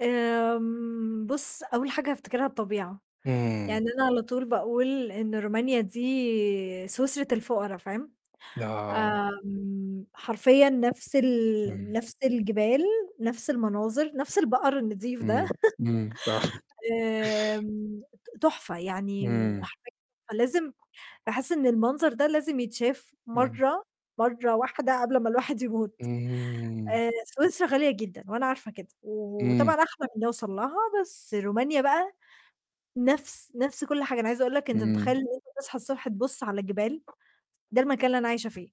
آمم، بُص أول حاجة هافتكرها الطبيعة، آمم. يعني أنا على طُول باقول إن رومانيا دي سويسرا الفقرا، فاهم، آه. آمم، حرفيًا نَفْس ال امم. نَفْس الجبال، نَفْس المناظر، نَفْس البقر النضيف ده. إمم، إمم، صح. آمم ت تحفة، يعني إمم. [unintelligible] فلازم باحس إن المنظر ده لازم يتشاف امم. مَرّة مَرّة واحدة قبل ما الواحد يموت اهم. آآ، سويسرا غالية جدًا، وأنا عارفة كده، إمم. وطبعًا أحلم إن أوصل لها، بس رومانيا بقى، نَفْس نَفْس كُلّ حاجة، أنا عايزة أقول لك أنت متخيل إمم. إن أنت تصحى الصبح تبُص على جبال، ده المكان اللي أنا عايشة فيه.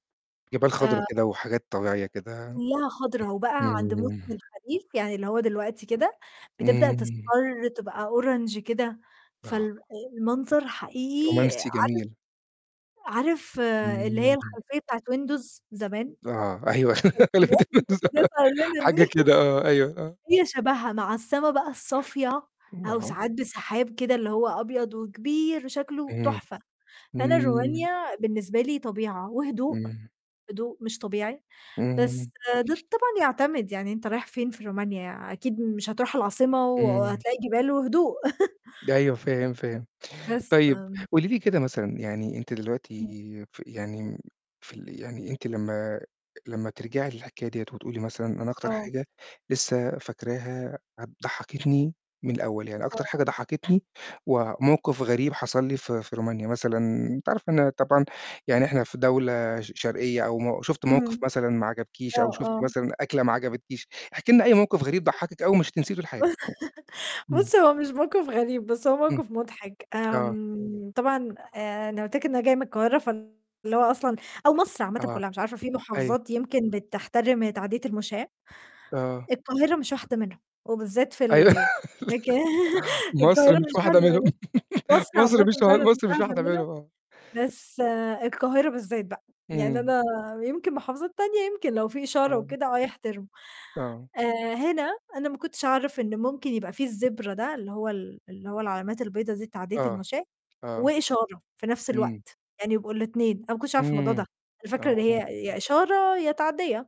جبال آآ خضرا كده، وحاجات طبيعية كده. كُلّها خضرا وبقى عند موسم امم. الخريف، يعني اللي هو دلوقتي كده، بتبدأ امم. تصفَر تبقى Orange كده، آه. فال آآ المنظر حقيقي رومانسي جميل. عارف عارف اللي هي امم. الخلفية بتاعة Windows زمان؟ آه، أيوه الخلفيات اللي كانت [unintelligible] بتظهر لنا دي، حاجه كده آه، أيوه، آه. هي شبهها مع السما بقى الصافية أو [unintelligible] ساعات بسحاب كده اللي هو أبيض وكبير وشكله امم، تحفة. فأنا امم. رومانيا بالنسبة لي طبيعة وهدوء، امم. هدوء مش طبيعي، بس امم. ده طبعًا يعتمد، يعني أنت رايح فين في رومانيا؟ أكيد مش هتروح العاصمة إمم. وهتلاقي جبال وهدوء. أيوه فاهم، فاهم. بس، طيب فآمم قولي لي كده مثلًا يعني أنتِ دلوقتي ف يعني في ال يعني أنتِ لمّا لمّا ترجعي للحكاية ديّة وتقولي مثلًا أنا أكتر آه. حاجة لسه فاكراها ه ضحكتني من الأول، يعني أكتر آه. حاجة ضحكتني وموقف غريب حصل لي في في رومانيا مثلًا أنتِ عارفة إن أنا طبعًا يعني إحنا في دولة ش شرقية أو م شُفتِ موقف إمم. مثلًا ما عجبكيش آه، أو شُفتِ آه. مثلًا أكلة ما عجبتكيش، احكي لنا أي موقف غريب ضحكِك أوي ومش هتنسيه طول حياتِك. إمم. بُص، هو مش موقف غريب، بس هو امم. موقف مضحك. آه. آمم، طبعًا أنا قُلت لك إن أنا جاية من القاهرة فاللي هو أصلًا أو مصر عامةً آه. كُلّها مش عارفة في أيوه. محافظات يمكن بتحترم تعدية المشاة. آه. القاهرة مش واحدة منهم، وبالذات في أيوه، ال في مكا لا مصر القاهرة مش مش واحدة واحدة منهم، منهم. مصر مصر عامةً مش و فعلًا مش مصر مش واحدة واحدة منهم، منهم آه. بس القاهرة بالذات بقى، يعني إمم. أنا يمكن محافظات تانية، يمكن لو في إشارة آه. وكده آه يحترموا. آه. آآ، هنا أنا ما كنتش أعرف إن ممكن يبقى في الZebra ده، اللي هو ال اللي هو العلامات البيضا دي لتعدية آه. المشاة، آه. وإشارة في نَفْس إمم. الوقت، يعني يبقوا الاتنين، أنا ما كنتش عارفة الموضوع إمم. ده، أنا فاكرة إن آه. هي يا إشارة، يا تعدية.